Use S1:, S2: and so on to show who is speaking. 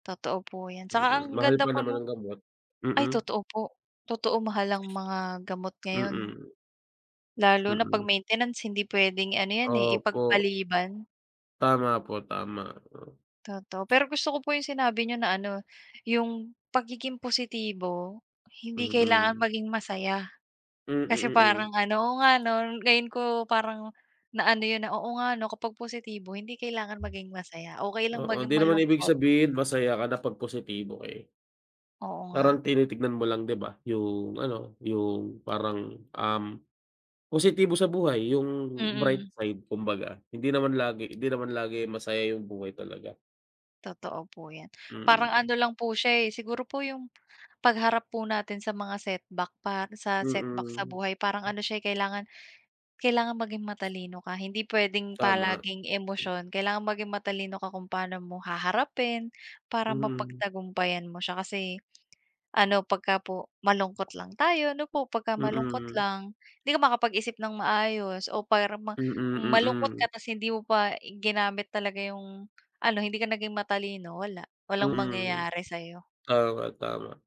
S1: Totoo po yan, saka
S2: Mm,
S1: ang
S2: mahal
S1: ganda
S2: pa
S1: po
S2: naman
S1: nung
S2: ng gamot
S1: ay
S2: mm.
S1: totoo po, totoo mahal ang mga gamot ngayon.
S2: Mm.
S1: Lalo na pag
S2: Mm.
S1: maintenance hindi puwedeng ano yan, eh,
S2: Opo.
S1: ipag-paliban.
S2: Tama po, tama, oo.
S1: Totoo, pero gusto ko po yung sinabi niyo na ano, "Yung pagiging positibo, hindi kailangan
S2: Mm.
S1: maging masaya."
S2: Mm,
S1: Kasi
S2: mm.
S1: parang ano oo nga ngayon ko parang na ano yun na, Oo nga no, kapag positibo hindi kailangan maging masaya, okey lang
S2: Oo
S1: maging
S2: hindi naman ibig
S1: malungkot.
S2: sabihin masaya ka na pag positibo ka, eh.
S1: Oo nga.
S2: Parang tinitignan mo lang di ba, yung ano yung parang, um, positibo sa buhay, yung bright
S1: Mm.
S2: side kumbaga, hindi naman lagi hindi naman lagi masaya yung buhay talaga.
S1: Totoo po yan, parang
S2: Mm.
S1: ano lang po siya, eh, siguro po yung pagharap po natin sa mga setback para sa setback sa
S2: Mm.
S1: buhay parang ano siya kailangan kailangan maging matalino ka hindi puwedeng
S2: Tama.
S1: palaging emosyon, kailangan maging matalino ka kung pano mo haharapin, para
S2: Mhm.
S1: mapagtagumpayan mo siya. Kasi, ano pagka po malungkot lang tayo ano po pag malungkot
S2: Mm.
S1: lang, hindi ka makakapag-isip ng maayos o para mang
S2: Mm,
S1: malungkot ka
S2: mm.
S1: tapos hindi mo pa ginamit talaga yung ano hindi ka naging matalino wala, walang
S2: Mm.
S1: mangyayari sayo.
S2: Tama, tama.